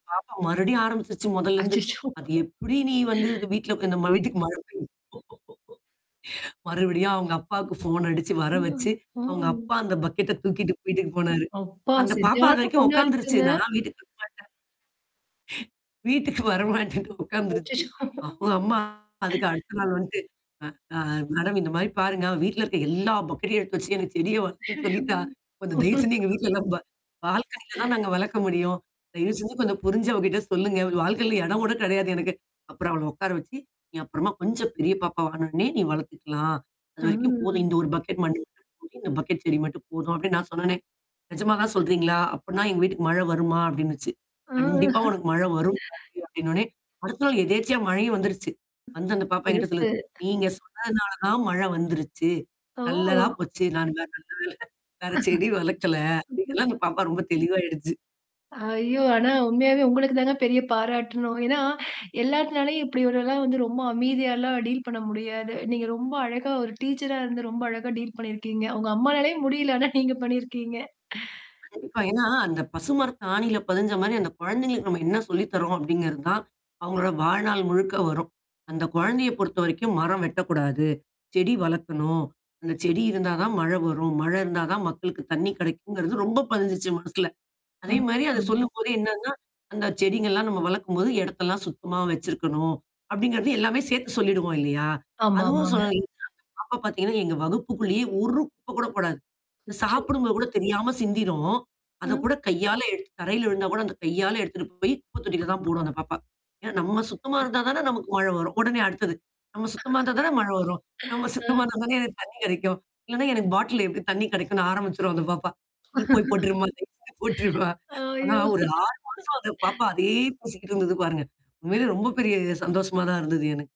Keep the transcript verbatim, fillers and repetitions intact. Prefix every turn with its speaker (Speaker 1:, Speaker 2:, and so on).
Speaker 1: பாப்பா மறுபடியும் ஆரம்பிச்சுச்சு மொதல்லருந்து.
Speaker 2: அச்சச்சோ!
Speaker 1: அது எப்படி நீ வந்து அ வீட்ல இந்த வீட்டுக்கு மழ பெய்யும் மறுபடியும் அவங்க அப்பாவுக்கு ஃபோன் அடிச்சு வர
Speaker 2: ஆ.
Speaker 1: வச்சு, அவங்க
Speaker 2: பாவம்ங்க.
Speaker 1: அப்பா அந்த பக்கெட்ட தூக்கிட்டு வீட்டுக்கு போனாரு.
Speaker 2: அப்பா
Speaker 1: அந்த பாப்பா அது
Speaker 2: சரியான
Speaker 1: வரைக்கும்
Speaker 2: பொண்ணா
Speaker 1: உட்காந்துருச்சு
Speaker 2: இருக்குங்க.
Speaker 1: நான் வீட்டுக்கு வர மாட்டேன். ச. வீட்டுக்கு வரமாட்டேன்னு உட்காந்துருச்சு.
Speaker 2: அச்சச்சோ!
Speaker 1: அ அம்மா அதுக்கு அடுத்த நாள் வந்துட்டு. அ அ மேடம் இந்த மாரி பாருங்க வீட்ல இருக்க எல்லா பக்கெட்டையும் எடுத்து வச்சு எனக்கு செடிய வளர்க்கன்னும்னு
Speaker 2: ஐயயோ
Speaker 1: சொல்லிட்டா, கொஞ்சம் தயவு செஞ்சு எங்க வீட்ல நம்ப. பால்கனில தான் நாங்க வளர்க்க முடியும். தயவு செஞ்சு கொஞ்சம் புரிஞ்சு அவகிட்ட சொல்லுங்க. வாழ்க்கையில எடம் கூட கெடையாது எனக்கு. அப்புறம் அவள உட்கார வச்சு, நீ அப்புறமா கொஞ்சம் பெரிய பாப்பா வாண உடனே நீ வளர்த்துக்கலாம்.
Speaker 2: ஆ.
Speaker 1: அதுவரைக்கும் போதும். இந்த ஒரு பக்கெட் மண்ணு மட்டும் போதும் இந்த பக்கெட் செடி மட்டும் போதும் அப்படின்னு நான் சொன்ன உடனே. நெஜமா தான் சொல்றீங்களா? அப்டினா எங்க வீட்டுக்கு மழை வருமா? அப்படின்னுச்சு.
Speaker 2: ஆ.
Speaker 1: கண்டிப்பா உனக்கு மழை வரும் கண்டிப்பா அப்டின்னு சொன்ன வுடனே அடுத்த நாள் எதேச்சியா மழையும் வந்துருச்சு. வந்து அந்த பாப்பா என்கிட்ட
Speaker 2: சிறப்பு.
Speaker 1: சொல்லுது. நீங்க சொன்னதுனால தான் மழ வந்துருச்சு. நல்லதா
Speaker 2: ஓ!
Speaker 1: போச்சு. [unintelligible] நல்ல வேல. வேற செடி வளர்க்கல.
Speaker 2: ம், ம்.
Speaker 1: அங்கெல்லாம் அந்த பாப்பா ரொம்ப தெளிவாயிடுச்சு.
Speaker 2: ஐயோ! ஆனா உண்மையாவே உங்களுக்கு தாங்க பெரிய பாராட்டணும். ஏன்னா, எல்லாத்துனாலயும் இப்படி ஒருல்லாம் வந்து ரொம்ப அமைதியாலாம் டீல் பண்ண முடியாது. நீங்க ரொம்ப அழகா ஒரு டீச்சரா இருந்து ரொம்ப அழகா டீல் பண்ணியிருக்கீங்க. அவுங்க அம்மானாலேயே முடியல ஆனா நீங்க பண்ணியிருக்கீங்க.
Speaker 1: கண்டிப்பா. ஏன்னா, அந்த பசுமரத்து ஆணியில பதிஞ்ச மாரி அந்த குழந்தைகளுக்கு நம்ம என்ன சொல்லித் தர்றோம் அப்படிங்கிறது தான். அவவுங்களோட வாழ்நாள் முழுக்க வரும். அந்த குழந்தைய பொறுத்தவரைக்கும் மரம் வெட்டக்கூடாது. செடி வளர்க்கணும். அந்த செடி இருந்தா தான் மழை வரும். மழை இருந்தா தான் மக்களுக்கு தண்ணி கெடைக்குங்கிறது ரொம்ப பதிஞ்சுச்சு மனசுல.
Speaker 2: ஆ.
Speaker 1: அதே மாரி அத சொல்லும்போதே என்னன்னா அந்த செடிங்கலாம் நம்ம வளர்க்கும்போது எடத்தெல்லாம் சுத்தமா வச்சிருக்கணும். அப்படிங்கத எல்லாமே சேர்த்து சொல்லிடுவோம் இல்லையா? அதுவும்
Speaker 2: ஆமாமாங்க.
Speaker 1: சொல் எங்க அப்ப பார்த்தீங்கன்னா, எங்க வகுப்புக்குள்ளேயே ஒரு குப்ப கூட போடாது.
Speaker 2: அச்சோ.
Speaker 1: சாப்படும் பொது கூட தெரியாம சிந்திரும். அத
Speaker 2: அ.
Speaker 1: கூட கையால எடுத்து தரையில விழுந்தா கூட அத கையால எடுத்துட்டு போய் குப்ப தொட்டில தான் போடும் அந்த பாப்பா. என்னா நம்ம
Speaker 2: [unintelligible]
Speaker 1: சுத்தமா
Speaker 2: [unintelligible]
Speaker 1: இருந்தா தானே நமக்கு மழை வரும். உடனே அடுத்தது. நம்ம சுத்தமா இருந்தா தானே மழை வரும். நம்ம சுத்தமா
Speaker 2: அ.
Speaker 1: இருந்தா தானே எனக்கு தண்ணீ கெடைக்கும். இல்லன்னா எனக்கு பாட்டில் எப்டி தண்ணீ கெடைக்கும்ன்னு ஆரம்பிச்சுரும் அந்த பாப்பா. நீ போய் போட்ரு விட்டுருமா [unintelligible] விட்டுருமா. ஆனா
Speaker 2: ஐயோ!
Speaker 1: ஒரு ஆறு மாசம் அந்த பாப்பா அதையே பேசிக்கிட்டு இருந்தது பாருங்க. உண்மையிலயே ரொம்ப பெரிய சந்தோஷமா தான் இருந்தது எனக்கு.